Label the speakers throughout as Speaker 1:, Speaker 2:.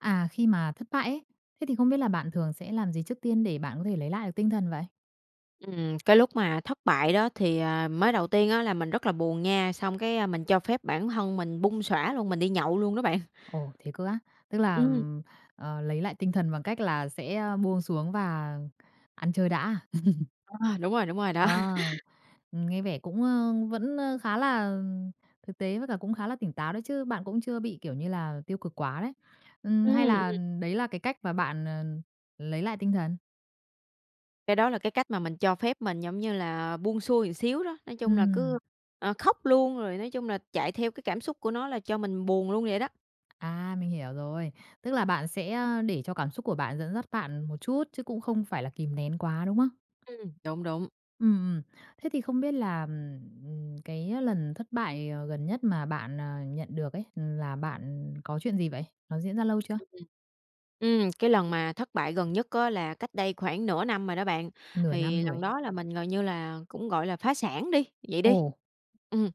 Speaker 1: À, khi mà thất bại ấy, thế thì không biết là bạn thường sẽ làm gì trước tiên để bạn có thể lấy lại được tinh thần vậy?
Speaker 2: Ừm, cái lúc mà thất bại đó thì, à, mới đầu tiên á, là mình rất là buồn nha, xong cái, a, mình cho phép bản thân mình bung xõa luôn, mình đi nhậu luôn đó bạn.
Speaker 1: Ồ! Thế cơ á? Tức là,
Speaker 2: Ừm.
Speaker 1: ừm, ờ, lấy lại tinh thần bằng cách là sẽ buông xuống và ăn chơi đã?
Speaker 2: À, đúng rồi, đúng rồi, đó.
Speaker 1: Ờ, nghe vẻ cũng, ơ, vẫn, ơ, khá là thực tế với cả cũng khá là tỉnh táo đó chứ, bạn cũng chưa bị, kiểu như là, tiêu cực quá đấy. Ừm,
Speaker 2: Ừm,
Speaker 1: hay là
Speaker 2: ừm.
Speaker 1: đấy là cái cách mà bạn, à, lấy lại tinh thần?
Speaker 2: Cái đó là cái cách mà mình cho phép mình giống như là buông xuôi xíu đó, nói chung là
Speaker 1: Ừm.
Speaker 2: cứ, ờ, khóc luôn, rồi nói chung là chạy theo cái cảm xúc của nó là cho mình buồn luôn vậy đó.
Speaker 1: À, mình hiểu rồi. Tức là bạn sẽ, à, để cho cảm xúc của bạn dẫn dắt bạn một chút chứ cũng không phải là kìm nén quá, đúng không?
Speaker 2: Ừm, đúng, đúng.
Speaker 1: Ừm, ừm. Thế thì không biết là, ừm, cái lần thất bại, ờ, gần nhất mà bạn, à, nhận được ấy, là bạn có chuyện gì vậy? Nó diễn ra lâu chưa?
Speaker 2: Ừm, ừm. Ừm, cái lần mà thất bại gần nhất á, là cách đây khoảng nửa năm rồi đó bạn.
Speaker 1: Nửa năm
Speaker 2: Thì
Speaker 1: rồi.
Speaker 2: lần đó là mình gần như là cũng, gọi là, phá sản đi, vậy đi.
Speaker 1: Ồ!
Speaker 2: Ừm.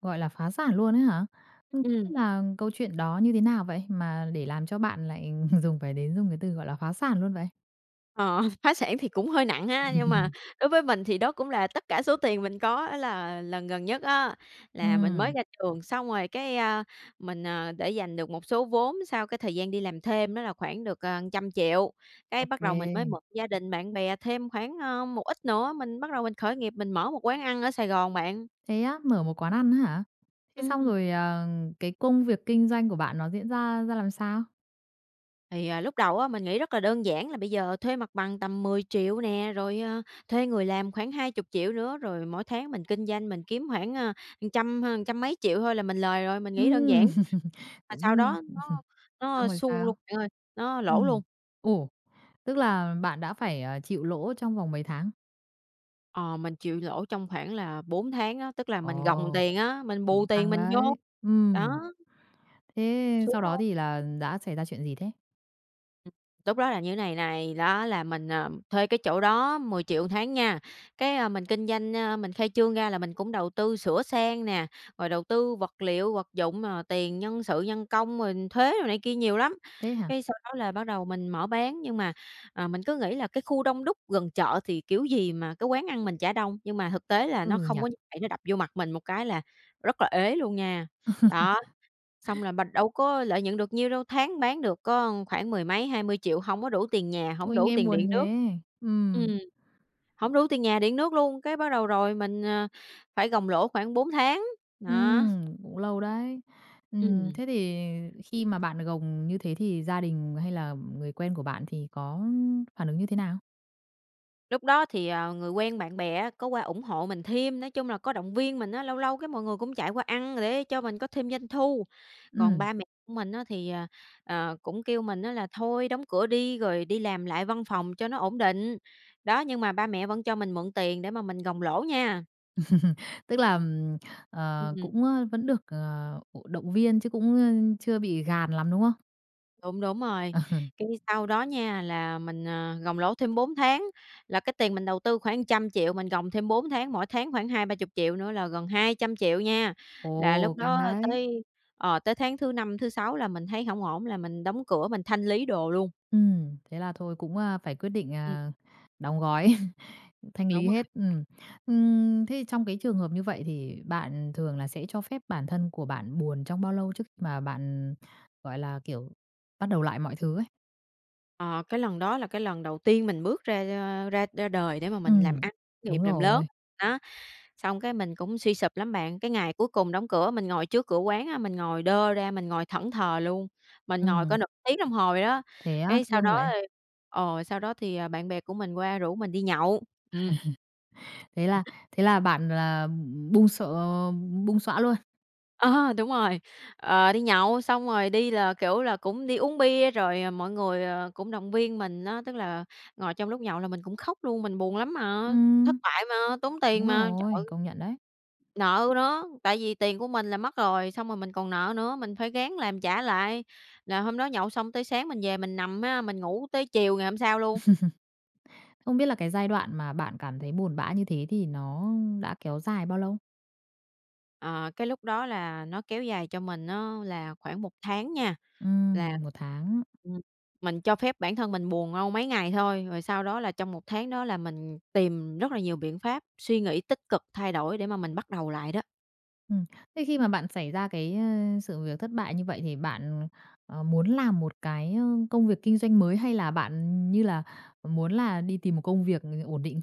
Speaker 1: Gọi là phá sản luôn ấy hả? Ng
Speaker 2: Ừm.
Speaker 1: là câu chuyện đó như thế nào vậy mà để làm cho bạn lại dùng phải đến dùng cái từ, gọi là, phá sản luôn vậy?
Speaker 2: Ờ, phá sản thì cũng hơi nặng ha, nhưng mà đối với mình thì đó cũng là tất cả số tiền mình có. Á là lần gần nhất á, là mình mới
Speaker 1: Ừm.
Speaker 2: ra trường, xong rồi cái, a, mình, ờ, để dành được một số vốn sau cái thời gian đi làm thêm đó là khoảng được, ờ, trăm triệu. Cái
Speaker 1: Ô
Speaker 2: bắt đầu mình mới
Speaker 1: kê.
Speaker 2: mượn gia đình, bạn bè thêm khoảng, ơ, một ít nữa, mình bắt đầu mình khởi nghiệp, mình mở một quán ăn ở Sài Gòn bạn.
Speaker 1: Thế á, mở một quán ăn á hả? Thế
Speaker 2: Ừm.
Speaker 1: xong rồi, ờ, cái công việc kinh doanh của bạn nó diễn ra ra làm sao?
Speaker 2: Thì, ờ, lúc đầu á, mình nghĩ rất là đơn giản là bây giờ thuê mặt bằng tầm 10.000.000 nè, rồi, ờ, thuê người làm khoảng 20.000.000 nữa, rồi mỗi tháng mình kinh doanh, mình kiếm khoảng, ờ, trăm hơn trăm mấy triệu thôi là mình lời rồi. Mình nghĩ đơn
Speaker 1: Ừm,
Speaker 2: giản, mà sau
Speaker 1: cũng,
Speaker 2: đó
Speaker 1: ơ
Speaker 2: nó
Speaker 1: xong
Speaker 2: nó
Speaker 1: rồi
Speaker 2: xu
Speaker 1: sao?
Speaker 2: luôn bạn ơi, nó lỗ
Speaker 1: Ừm.
Speaker 2: luôn.
Speaker 1: Ồ. Tức là bạn đã phải, ờ, chịu lỗ trong vòng mấy tháng?
Speaker 2: Ờ, mình chịu lỗ trong khoảng là 4 tháng á, tức là mình gồng
Speaker 1: Ồ.
Speaker 2: tiền á, mình bù
Speaker 1: Cũng
Speaker 2: tiền
Speaker 1: căng
Speaker 2: mình vô,
Speaker 1: đấy, ừm.
Speaker 2: đó.
Speaker 1: Thế
Speaker 2: Xuống
Speaker 1: sau đó
Speaker 2: luôn.
Speaker 1: thì là đã xảy ra chuyện gì thế?
Speaker 2: Lúc đó là như thế này này, đó là mình, à, thuê cái chỗ đó 10.000.000 một tháng nha, cái, a, mình kinh doanh, ơ, mình khai trương ra là mình cũng đầu tư sửa sang nè, rồi đầu tư vật liệu, vật dụng, ờ, tiền nhân sự nhân công rồi thuế đồ này kia nhiều lắm,
Speaker 1: Thế hả?
Speaker 2: cái sau đó là bắt đầu mình mở bán nhưng mà, à, mình cứ nghĩ là cái khu đông đúc gần chợ thì kiểu gì mà cái quán ăn mình chả đông, nhưng mà thực tế là
Speaker 1: Ừ
Speaker 2: nó
Speaker 1: nhỉ!
Speaker 2: không có vậy, nó đập vô mặt mình một cái là rất là ế luôn nha. Đó, xong là b đâu có lợi nhuận được nhiêu đâu, tháng bán được có khoảng mười mấy, 20.000.000, hông có đủ tiền nhà, hổng
Speaker 1: Ôi,
Speaker 2: đủ
Speaker 1: nghe
Speaker 2: tiền
Speaker 1: buồn
Speaker 2: điện nước,
Speaker 1: thế!
Speaker 2: ừm
Speaker 1: Ừm.
Speaker 2: hổng đủ tiền nhà, điện nước luôn, cái bắt đầu rồi mình, à, phải gồng lỗ khoảng 4 tháng, đó.
Speaker 1: Ừm, cũng lâu đấy.
Speaker 2: Ừm.
Speaker 1: Ừm, thế thì khi mà bạn gồng như thế thì gia đình hay là người quen của bạn thì có phản ứng như thế nào?
Speaker 2: Lúc đó thì, ờ, người quen bạn bè á có qua ủng hộ mình thêm, nói chung là có động viên mình á, lâu lâu cái mọi người cũng chạy qua ăn để cho mình có thêm doanh thu, còn
Speaker 1: Ừm.
Speaker 2: ba mẹ mình á thì, ờ, ờ, cũng kêu mình á là thôi, đóng cửa đi rồi đi làm lại văn phòng cho nó ổn định, đó, nhưng mà ba mẹ vẫn cho mình mượn tiền để mà mình gồng lỗ nha.
Speaker 1: Tức là, ừm, ờ,
Speaker 2: Ừm.
Speaker 1: cũng, ơ, vẫn được, ờ, ờ, động viên chứ cũng, ơ, chưa bị gàn lắm, đúng không?
Speaker 2: Đúng, đúng rồi,
Speaker 1: Ờ.
Speaker 2: cái sau đó nha là mình, à, gồng lỗ thêm 4 tháng, là cái tiền mình đầu tư khoảng trăm triệu, mình gồng thêm 4 tháng, mỗi tháng khoảng 20.000.000, 30.000.000 nữa là gần 200.000.000 nha. Là lúc
Speaker 1: Ồ! Căng
Speaker 2: đó
Speaker 1: đấy.
Speaker 2: tới, ờ, tới tháng thứ 5, thứ 6 là mình thấy hổng ổn là mình đóng cửa, mình thanh lý đồ luôn.
Speaker 1: Ừm, thế là thôi cũng, a, phải quyết định,
Speaker 2: Ừm.
Speaker 1: à, đóng gói, thanh
Speaker 2: Đúng
Speaker 1: lý
Speaker 2: rồi.
Speaker 1: hết, ừm. Ừm, thế thì trong cái trường hợp như vậy thì bạn thường là sẽ cho phép bản thân của bạn buồn trong bao lâu trước mà bạn, gọi là, kiểu, bắt đầu lại mọi thứ ấy?
Speaker 2: À, cái lần đó là cái lần đầu tiên mình bước ra, ơ, ra ra đời để mà mình làm
Speaker 1: Ừm,
Speaker 2: ăn, khởi nghiệp,
Speaker 1: đúng
Speaker 2: làm lớn.
Speaker 1: rồi.
Speaker 2: Đó, xong cái mình cũng suy sụp lắm bạn. Cái ngày cuối cùng đóng cửa, mình ngồi trước cửa quán á, mình ngồi đơ ra, mình ngồi thẫn thờ luôn, mình ngồi cỡ
Speaker 1: Ừm.
Speaker 2: nữa tiếng đồng hồ vậy đó.
Speaker 1: Thế á,
Speaker 2: Cái sau
Speaker 1: thương
Speaker 2: đó,
Speaker 1: vậy.
Speaker 2: ơ ờ, sau đó thì, à, bạn bè của mình qua rủ mình đi nhậu. Ừm.
Speaker 1: Thế là thế là bạn là bung xờ bung xõa luôn.
Speaker 2: Ờ, đúng rồi, ờ, đi nhậu xong rồi đi là, kiểu, là cũng đi uống bia, rồi, à, mọi người, ờ, cũng động viên mình á, tức là ngồi trong lúc nhậu là mình cũng khóc luôn, mình buồn lắm mà, thất
Speaker 1: Ừm.
Speaker 2: bại mà, tốn tiền
Speaker 1: Đúng
Speaker 2: mà. Trời!
Speaker 1: rồi, công nhận đấy.
Speaker 2: Nợ nữa, tại vì tiền của mình là mất rồi, xong rồi mình còn nợ nữa, mình phải ráng làm trả lại. Là hôm đó nhậu xong tới sáng mình về mình nằm ha, mình ngủ tới chiều ngày hôm sau luôn.
Speaker 1: Không biết là cái giai đoạn mà bạn cảm thấy buồn bã như thế thì nó đã kéo dài bao lâu?
Speaker 2: Ờ, cái lúc đó là nó kéo dài cho mình á là khoảng 1 tháng nha. Là
Speaker 1: Ừm, 1 tháng.
Speaker 2: ừm, mình cho phép bản thân mình buồn đâu mấy ngày thôi, rồi sau đó là trong 1 tháng đó là mình tìm rất là nhiều biện pháp, suy nghĩ tích cực, thay đổi để mà mình bắt đầu lại đó.
Speaker 1: Ừm. Thế khi mà bạn xảy ra cái, ơ, sự việc thất bại như vậy thì bạn, ừm, ờ, muốn làm một cái, ơ, công việc kinh doanh mới, hay là bạn như là muốn là đi tìm một công việc ổn định?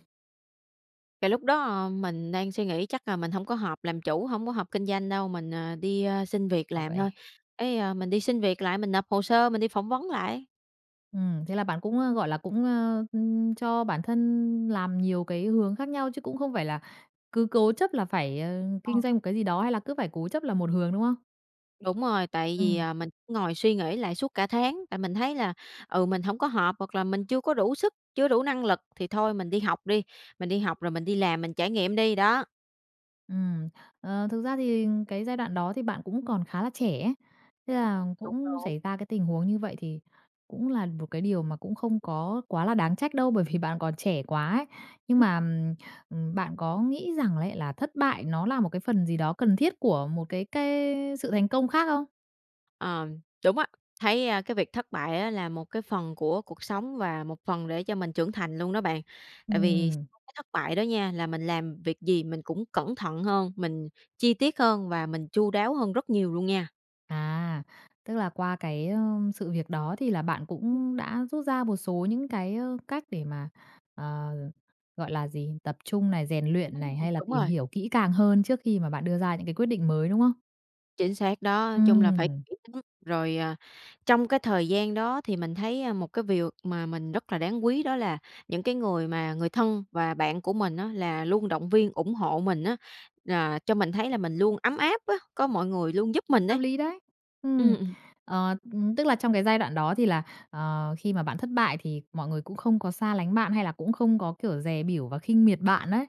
Speaker 2: Cái lúc đó mình đang suy nghĩ chắc là mình hổng có hợp làm chủ, hổng có hợp kinh doanh đâu, mình, ờ, đi, a, xin việc
Speaker 1: Ờ,
Speaker 2: làm thôi.
Speaker 1: vậy
Speaker 2: Cái, ờ, mình đi xin việc lại mình nộp hồ sơ, mình đi phỏng vấn lại.
Speaker 1: Ừm, thế là bạn cũng, ơ, gọi là, cũng, ơ, ừm, cho bản thân làm nhiều cái hướng khác nhau, chứ cũng không phải là cứ cố chấp là phải, ờ, kinh
Speaker 2: Ờ.
Speaker 1: doanh một cái gì đó, hay là cứ phải cố chấp làm một hướng, đúng không?
Speaker 2: Đúng rồi, tại vì,
Speaker 1: Ừm.
Speaker 2: à, mình ngồi suy nghĩ lại suốt cả tháng, tại mình thấy là, ừ, mình hổng có hợp, hoặc là mình chưa có đủ sức, chưa đủ năng lực thì thôi mình đi học đi, mình đi học rồi mình đi làm, mình trải nghiệm đi, đó.
Speaker 1: Ừm, ờ, thực ra thì cái giai đoạn đó thì bạn cũng còn khá là trẻ ấy. Thế là
Speaker 2: Đúng,
Speaker 1: cũng
Speaker 2: đúng.
Speaker 1: xảy ra cái tình huống như vậy thì cũng là một cái điều mà cũng không có quá là đáng trách đâu, bởi vì bạn còn trẻ quá ấy. Nhưng
Speaker 2: Ừm.
Speaker 1: mà, ừm, bạn có nghĩ rằng lấy là thất bại nó là một cái phần gì đó cần thiết của một cái cái sự thành công khác không?
Speaker 2: Ờ, đúng á, thấy, ơ, cái việc thất bại á, là một cái phần của cuộc sống và một phần để cho mình trưởng thành luôn đó bạn. Tại vì
Speaker 1: Ừm.
Speaker 2: sau cái thất bại đó nha, là mình làm việc gì mình cũng cẩn thận hơn, mình chi tiết hơn và mình chu đáo hơn rất nhiều luôn nha.
Speaker 1: À, tức là qua cái, ơ, sự việc đó thì là bạn
Speaker 2: Ừm.
Speaker 1: cũng đã rút ra một số những cái, ờ, cách để mà, ờ gọi là gì? Tập trung này, rèn luyện
Speaker 2: Ừm,
Speaker 1: này, hay là
Speaker 2: đúng
Speaker 1: tìm
Speaker 2: rồi.
Speaker 1: hiểu kỹ càng hơn trước khi mà bạn đưa ra những cái quyết định mới, đúng không?
Speaker 2: Chính xác đó, chung là phải
Speaker 1: Ừm.
Speaker 2: kỹ tính. Rồi, ờ, trong cái thời gian đó thì mình thấy, ờ, một cái điều mà mình rất là đáng quý, đó là những cái người mà người thân và bạn của mình á, là luôn động viên ủng hộ mình á, là cho mình thấy là mình luôn ấm áp á, có mọi người luôn giúp mình
Speaker 1: Hợp
Speaker 2: ấy.
Speaker 1: lý đấy! Ừm,
Speaker 2: Ừm, ừm.
Speaker 1: ờ, ừm, tức là trong cái giai đoạn đó thì là, ờ, khi mà bạn thất bại thì mọi người cũng không có xa lánh bạn, hay là cũng không có kiểu dè bỉu và khinh miệt bạn ấy.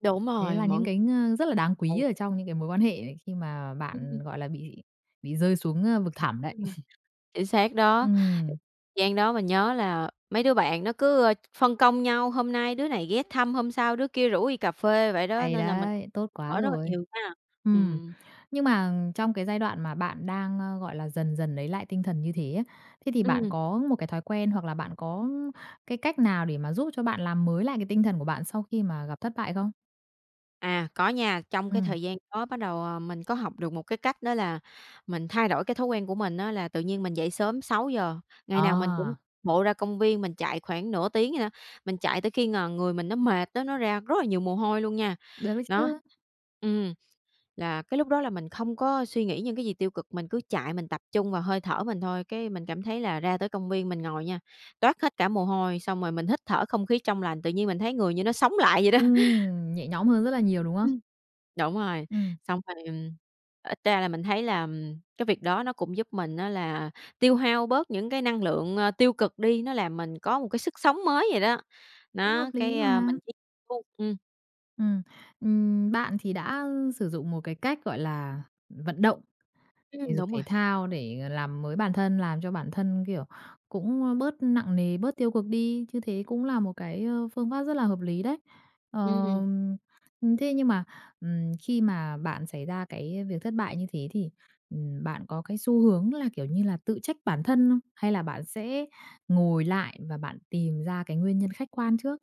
Speaker 2: Đúng
Speaker 1: Đấy
Speaker 2: rồi,
Speaker 1: là những
Speaker 2: mọi
Speaker 1: cái ng rất là đáng quý
Speaker 2: ừ.
Speaker 1: ở trong những cái mối quan hệ ấy khi mà bạn,
Speaker 2: Ừm.
Speaker 1: gọi là, bị bị rơi xuống, ơ, vực thẳm đấy.
Speaker 2: Ừm, chính xác đó,
Speaker 1: Ừm.
Speaker 2: gian đó mình nhớ là mấy đứa bạn nó cứ, ơ, ph phân công nhau, hôm nay đứa này ghé thăm, hôm sau đứa kia rủ đi cà phê vậy đó,
Speaker 1: Hay
Speaker 2: nên là mình
Speaker 1: đấy, tốt quá
Speaker 2: ở rất là
Speaker 1: rồi!
Speaker 2: nhiều ha.
Speaker 1: Ừm.
Speaker 2: Ừm.
Speaker 1: Nhưng mà trong cái giai đoạn mà bạn đang, ơ, gọi là, dần dần lấy lại tinh thần như thế á, thế thì bạn
Speaker 2: Ừm.
Speaker 1: có một cái thói quen hoặc là bạn có cái cách nào để mà giúp cho bạn làm mới lại cái tinh thần của bạn sau khi mà gặp thất bại không?
Speaker 2: À, có nha, trong cái
Speaker 1: Ừm.
Speaker 2: thời gian đó bắt đầu, ờ, mình có học được một cái cách đó là mình thay đổi cái thói quen của mình á. Là tự nhiên mình dậy sớm 6:00, ngày nào mình cũng
Speaker 1: À!
Speaker 2: bộ ra công viên, mình chạy khoảng nửa tiếng vậy đó. Mình chạy tới khi ng người mình nó mệt á, nó ra rất là nhiều mồ hôi luôn nha.
Speaker 1: Được đấy
Speaker 2: Đó,
Speaker 1: chứ!
Speaker 2: ừm, là cái lúc đó là mình không có suy nghĩ những cái gì tiêu cực, mình cứ chạy mình tập trung vào hơi thở mình thôi. Cái mình cảm thấy là ra tới công viên, mình ngồi nha, toát hết cả mồ hôi, xong rồi mình hít thở không khí trong lành, tự nhiên mình thấy người như nó sống lại vậy đó.
Speaker 1: Ừm, nhẹ nhõm hơn rất là nhiều, đúng không?
Speaker 2: Ừm, đúng rồi.
Speaker 1: Ừm.
Speaker 2: Xong thì ít ra là mình thấy là cái việc đó nó cũng giúp mình á là tiêu hao bớt những cái năng lượng, ờ, tiêu cực đi. Nó làm mình có một cái sức sống mới vậy đó.
Speaker 1: Cũng hợp
Speaker 2: Đó,
Speaker 1: lý
Speaker 2: cái, ơ,
Speaker 1: mà.
Speaker 2: mình tiếp thu ừm.
Speaker 1: Ừm, ừm, bạn thì đã sử dụng một cái cách gọi là vận động thể
Speaker 2: Ừm,
Speaker 1: dục
Speaker 2: đúng rồi.
Speaker 1: thể thao để làm mới bản thân, làm cho bản thân, kiểu, cũng bớt nặng nề, bớt tiêu cực đi, như thế cũng là một cái, ờ, phương pháp rất là hợp lý đấy. Ờ,
Speaker 2: Ừm.
Speaker 1: thế nhưng mà, ừm, khi mà bạn xảy ra cái việc thất bại như thế thì, ừm, bạn có cái xu hướng là, kiểu như là, tự trách bản thân không? Hay là bạn sẽ ngồi lại và bạn tìm ra cái nguyên nhân khách quan trước?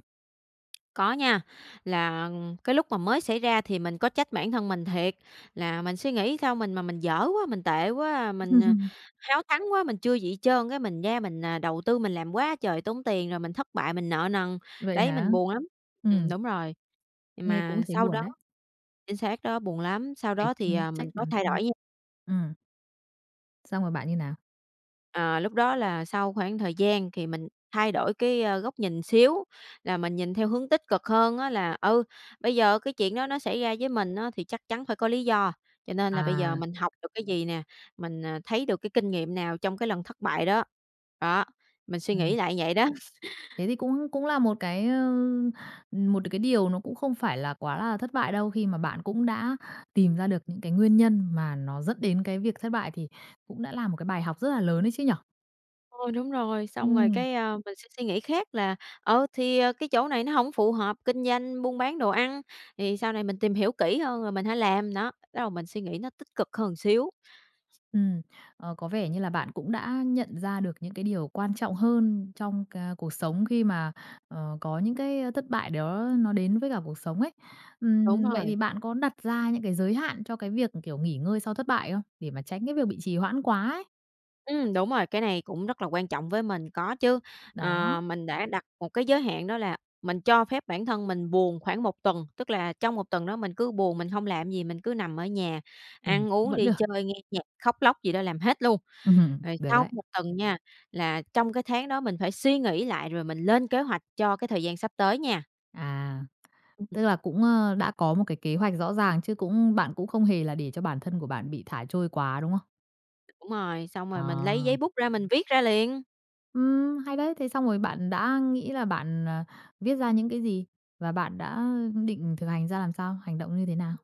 Speaker 2: Có nha, là cái lúc mà mới xảy ra thì mình có trách bản thân mình thiệt, là mình suy nghĩ sao mình mà mình dở quá, mình tệ quá, mình háo thắng quá, mình chưa gì trơn cái mình ra mình đầu tư mình làm quá trời tốn tiền rồi mình thất bại, mình nợ nần.
Speaker 1: Vậy
Speaker 2: Đấy,
Speaker 1: hả?
Speaker 2: mình buồn lắm. Ừm,
Speaker 1: Ừm.
Speaker 2: đúng rồi.
Speaker 1: Nghe cũng
Speaker 2: Mà
Speaker 1: thấy
Speaker 2: sau
Speaker 1: buồn
Speaker 2: đó
Speaker 1: đấy.
Speaker 2: chính xác đó, buồn lắm, sau
Speaker 1: Phải,
Speaker 2: đó thì,
Speaker 1: ưm,
Speaker 2: ờ,
Speaker 1: trách
Speaker 2: mình có
Speaker 1: bản
Speaker 2: thay
Speaker 1: thân.
Speaker 2: đổi nha.
Speaker 1: Ừm. Xong rồi bạn như nào?
Speaker 2: Ờ, lúc đó là sau khoảng thời gian thì mình thay đổi cái, ơ, góc nhìn xíu là mình nhìn theo hướng tích cực hơn á là, ừ, bây giờ cái chuyện đó nó xảy ra với mình á, thì chắc chắn phải có lý do, cho nên là bây giờ
Speaker 1: À.
Speaker 2: mình học được cái gì nè, mình, à, thấy được cái kinh nghiệm nào trong cái lần thất bại đó. Đó, mình suy
Speaker 1: Ừm.
Speaker 2: nghĩ lại vậy đó.
Speaker 1: Thế thì cũng cũng là một cái, ờ, một cái điều nó cũng không phải là quá là thất bại đâu khi mà bạn cũng đã tìm ra được những cái nguyên nhân mà nó dẫn đến cái việc thất bại, thì cũng đã là một cái bài học rất là lớn ấy chứ nhỉ?
Speaker 2: Thôi đúng rồi, xong rồi
Speaker 1: Ừm.
Speaker 2: cái, ờ, mình sẽ suy nghĩ khác là, ờ, thì, ờ, cái chỗ này nó hổng phù hợp kinh doanh, buôn bán đồ ăn thì sau này mình tìm hiểu kỹ hơn rồi mình hãy làm nó, bắt đầu mình suy nghĩ nó tích cực hơn xíu.
Speaker 1: Ừm, ờ, có vẻ như là bạn cũng đã nhận ra được những cái điều quan trọng hơn trong ca cuộc sống khi mà, ờ, có những cái. ơ. thất bại đó nó đến với cả cuộc sống ấy.
Speaker 2: Đúng
Speaker 1: Ừm, vậy
Speaker 2: rồi.
Speaker 1: thì bạn có đặt ra những cái giới hạn cho cái việc, kiểu, nghỉ ngơi sau thất bại không? Để mà tránh cái việc bị trì hoãn quá ấy.
Speaker 2: Ừm, đúng rồi, cái này cũng rất là quan trọng với mình, có chứ. Ờ,
Speaker 1: Đó.
Speaker 2: mình đã đặt một cái giới hạn đó là mình cho phép bản thân mình buồn khoảng 1 tuần, tức là trong 1 tuần đó mình cứ buồn, mình hông làm gì, mình cứ nằm ở nhà
Speaker 1: Ừm,
Speaker 2: ăn uống,
Speaker 1: vẫn
Speaker 2: đi
Speaker 1: được.
Speaker 2: chơi, nghe nhạc, khóc lóc gì đó làm hết luôn,
Speaker 1: Ừm,
Speaker 2: rồi
Speaker 1: được
Speaker 2: sau
Speaker 1: đấy.
Speaker 2: 1 tuần nha, là trong cái tháng đó mình phải suy nghĩ lại rồi mình lên kế hoạch cho cái thời gian sắp tới nha.
Speaker 1: À!
Speaker 2: Ừm.
Speaker 1: Tức là cũng, ơ, đã có một cái kế hoạch rõ ràng chứ cũng bạn cũng không hề là để cho bản thân của bạn bị thả trôi quá, đúng không?
Speaker 2: Đúng rồi, xong
Speaker 1: Ờ.
Speaker 2: rồi mình lấy giấy bút ra mình viết ra liền.
Speaker 1: Ừm, hay đấy! Thế xong rồi bạn đã nghĩ là bạn, ờ, viết ra những cái gì? Và bạn đã định thực hành ra làm sao? Hành động như thế nào?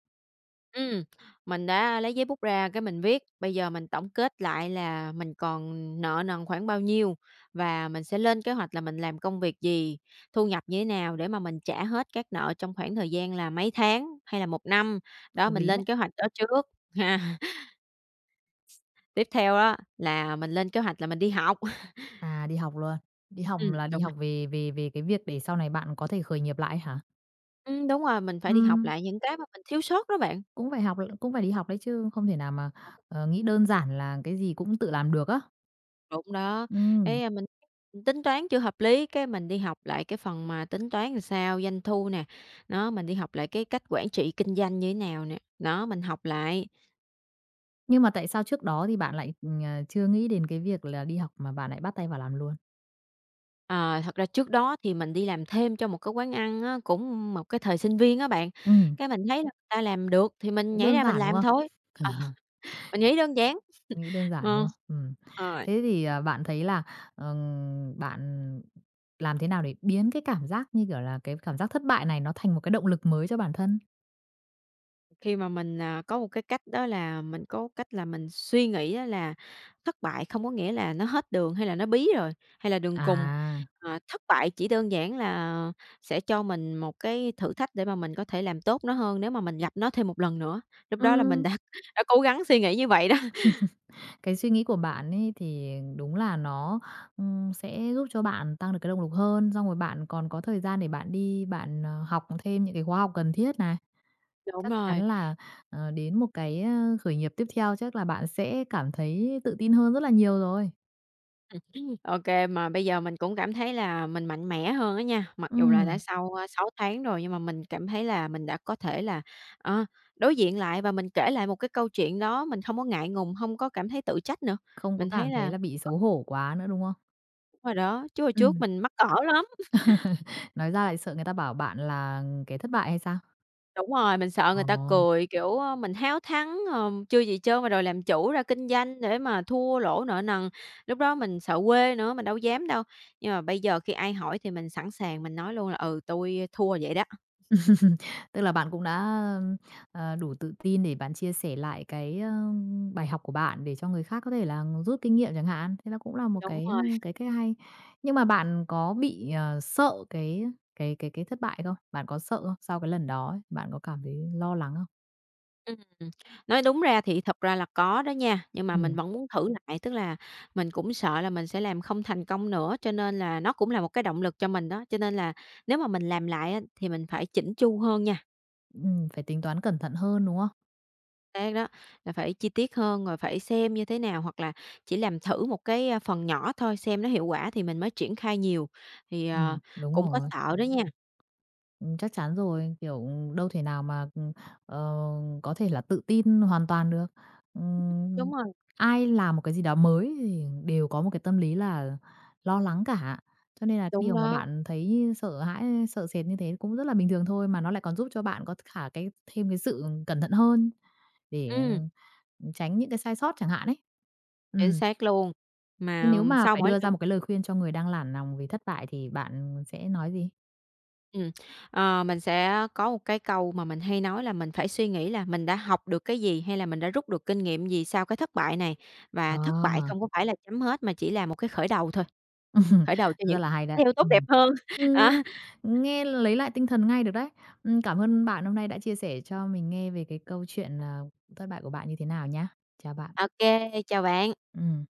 Speaker 2: Ừm, mình đã lấy giấy bút ra cái mình viết, bây giờ mình tổng kết lại là mình còn nợ nần khoảng bao nhiêu và mình sẽ lên kế hoạch là mình làm công việc gì, thu nhập như thế nào để mà mình trả hết các nợ trong khoảng thời gian là mấy tháng hay là 1 năm. Đó,
Speaker 1: Hợp
Speaker 2: mình
Speaker 1: lý đấy.
Speaker 2: lên kế hoạch đó trước ha. Tiếp theo á là mình lên kế hoạch là mình đi học.
Speaker 1: À, đi học luôn. Đi học
Speaker 2: Ừm,
Speaker 1: là đi
Speaker 2: đúng rồi.
Speaker 1: học về về về cái việc để sau này bạn có thể khởi nghiệp lại á hả?
Speaker 2: Ừm, đúng rồi, mình phải đi học
Speaker 1: Ừm.
Speaker 2: lại những cái mà mình thiếu sót đó bạn.
Speaker 1: Cũng phải học rồi cũng phải đi học đấy chứ, không thể nào mà, ờ, nghĩ đơn giản là cái gì cũng tự làm được á.
Speaker 2: Đúng đó,
Speaker 1: Ừm.
Speaker 2: thấy, a, mình tính toán chưa hợp lý, cái mình đi học lại cái phần mà tính toán làm sao, doanh thu nè, đó, mình đi học lại cái cách quản trị kinh doanh như thế nào nè, đó, mình học lại.
Speaker 1: Nhưng mà tại sao trước đó thì bạn lại, ờ, chưa nghĩ đến cái việc là đi học mà bạn lại bắt tay vào làm luôn?
Speaker 2: Ờ, thật ra trước đó thì mình đi làm thêm cho một cái quán ăn á, cũng một cái thời sinh viên á bạn,
Speaker 1: Ừm.
Speaker 2: cái mình thấy là người ta làm được thì mình
Speaker 1: Cũng
Speaker 2: nhảy
Speaker 1: đơn
Speaker 2: ra mình
Speaker 1: giản, đúng
Speaker 2: làm
Speaker 1: không?
Speaker 2: thôi. À, mình nghĩ đơn giản.
Speaker 1: Nghĩ đơn giản, đúng không?
Speaker 2: Ờ,
Speaker 1: Ừm.
Speaker 2: rồi.
Speaker 1: Thế thì, à, bạn thấy là, ừm, bạn làm thế nào để biến cái cảm giác như, kiểu, là cái cảm giác thất bại này nó thành một cái động lực mới cho bản thân?
Speaker 2: Khi mà mình, à, có một cái cách đó là mình có cách là mình suy nghĩ á là thất bại không có nghĩa là nó hết đường hay là nó bí rồi, hay là đường cùng,
Speaker 1: À!
Speaker 2: à, thất bại chỉ đơn giản là sẽ cho mình một cái thử thách để mà mình có thể làm tốt nó hơn nếu mà mình gặp nó thêm 1 lần nữa, lúc đó là mình
Speaker 1: Ừm.
Speaker 2: đã đã cố gắng suy nghĩ như vậy đó.
Speaker 1: Cái suy nghĩ của bạn ấy thì đúng là nó, ừm, sẽ giúp cho bạn tăng được cái động lực hơn, xong rồi bạn còn có thời gian để bạn đi bạn, ờ, học thêm những cái khóa học cần thiết này.
Speaker 2: Đúng
Speaker 1: Chắc
Speaker 2: rồi.
Speaker 1: chắn là, ờ, đến một cái khởi nghiệp tiếp theo chắc là bạn sẽ cảm thấy tự tin hơn rất là nhiều rồi.
Speaker 2: Ừm hưm. OK, mà bây giờ mình cũng cảm thấy là mình mạnh mẽ hơn á nha. Mặc dù là đã
Speaker 1: Ừm.
Speaker 2: sau, a, 6 tháng rồi, nhưng mà mình cảm thấy là mình đã có thể là, ờ, đối diện lại và mình kể lại một cái câu chuyện đó mình không có ngại ngùng, hông có cảm thấy tự trách nữa.
Speaker 1: Không có
Speaker 2: Mình thấy
Speaker 1: cảm thấy
Speaker 2: là
Speaker 1: là bị xấu hổ quá nữa, đúng không?
Speaker 2: Đúng rồi đó, chứ hồi trước
Speaker 1: Ừm.
Speaker 2: mình mắc cỡ lắm!
Speaker 1: Nói ra lại sợ người ta bảo bạn là kẻ thất bại hay sao?
Speaker 2: Đúng rồi, mình sợ
Speaker 1: Ờ.
Speaker 2: người ta cười, kiểu, ơ, mình háo thắng, ờ, chưa gì trơn mà đòi làm chủ ra kinh doanh để mà thua lỗ nợ nần. Lúc đó mình sợ quê nữa, mình đâu có dám đâu. Nhưng mà bây giờ khi ai hỏi thì mình sẵn sàng mình nói luôn là "Ừ, tui thua vậy đó."
Speaker 1: Tức là bạn cũng đã, ơ, ờ, đủ tự tin để bạn chia sẻ lại cái, a, bài học của bạn để cho người khác có thể là rút kinh nghiệm chẳng hạn. Thế là cũng là một
Speaker 2: Đúng
Speaker 1: cái, ơ,
Speaker 2: rồi.
Speaker 1: cái cách hay. Nhưng mà bạn có bị, ờ, sợ cái cái cái cái thất bại không? Bạn có sợ không? Sau cái lần đó ấy, bạn có cảm thấy lo lắng không?
Speaker 2: Ừm, ừm. Nói đúng ra thì thật ra là có đó nha, nhưng mà mình
Speaker 1: Ừm.
Speaker 2: vẫn muốn thử lại. Tức là mình cũng sợ là mình sẽ làm không thành công nữa, cho nên là nó cũng là một cái động lực cho mình đó. Cho nên là nếu mà mình làm lại á thì mình phải chỉn chu hơn nha.
Speaker 1: Ừm, phải tính toán cẩn thận hơn, đúng không?
Speaker 2: Xác đó, là phải chi tiết hơn, rồi phải xem như thế nào, hoặc là chỉ làm thử một cái, a, phần nhỏ thôi, xem nó hiệu quả thì mình mới triển khai nhiều. Thì, ờ,
Speaker 1: Ừm, đúng
Speaker 2: cũng có
Speaker 1: rồi.
Speaker 2: sợ đó nha!
Speaker 1: Ừm, chắc chắn rồi, kiểu, đâu thể nào mà, ừm, ờ, có thể là tự tin hoàn toàn được. Ừm,
Speaker 2: Đúng rồi.
Speaker 1: ai làm một cái gì đó mới thì đều có một cái tâm lý là lo lắng cả, cho nên là cái
Speaker 2: Đúng
Speaker 1: điều mà
Speaker 2: đó.
Speaker 1: bạn thấy sợ hãi, ơ, sợ sệt như thế cũng rất là bình thường thôi, mà nó lại còn giúp cho bạn có t khả cái thêm cái sự cẩn thận hơn để, ờ,
Speaker 2: Ừm.
Speaker 1: ừm, tránh những cái sai sót chẳng hạn ấy.
Speaker 2: Chính
Speaker 1: Ừm.
Speaker 2: xác luôn.
Speaker 1: Nhưng
Speaker 2: Mà,
Speaker 1: nếu
Speaker 2: ừm,
Speaker 1: mà
Speaker 2: sau
Speaker 1: phải
Speaker 2: mỗi
Speaker 1: đưa ra
Speaker 2: lần
Speaker 1: một cái lời khuyên cho người đang nản nòng vì thất bại thì bạn sẽ nói gì?
Speaker 2: Ừm. Ờ, mình sẽ có một cái câu mà mình hay nói là mình phải suy nghĩ là mình đã học được cái gì, hay là mình đã rút được kinh nghiệm gì sau cái thất bại này. Và thất bại
Speaker 1: À!
Speaker 2: không có phải là chấm hết, mà chỉ là một cái khởi đầu thôi, khởi đầu cho
Speaker 1: Rất
Speaker 2: những
Speaker 1: là hay đấy,
Speaker 2: điều tốt đẹp
Speaker 1: ừm.
Speaker 2: hơn.
Speaker 1: Ừm,
Speaker 2: À.
Speaker 1: nghe lấy lại tinh thần ngay được đấy! Ưm, cảm ơn bạn hôm nay đã chia sẻ cho mình nghe về cái câu chuyện, à, thất bại của bạn như thế nào nhá, chào bạn.
Speaker 2: Ô kê, chào bạn.
Speaker 1: Ừm.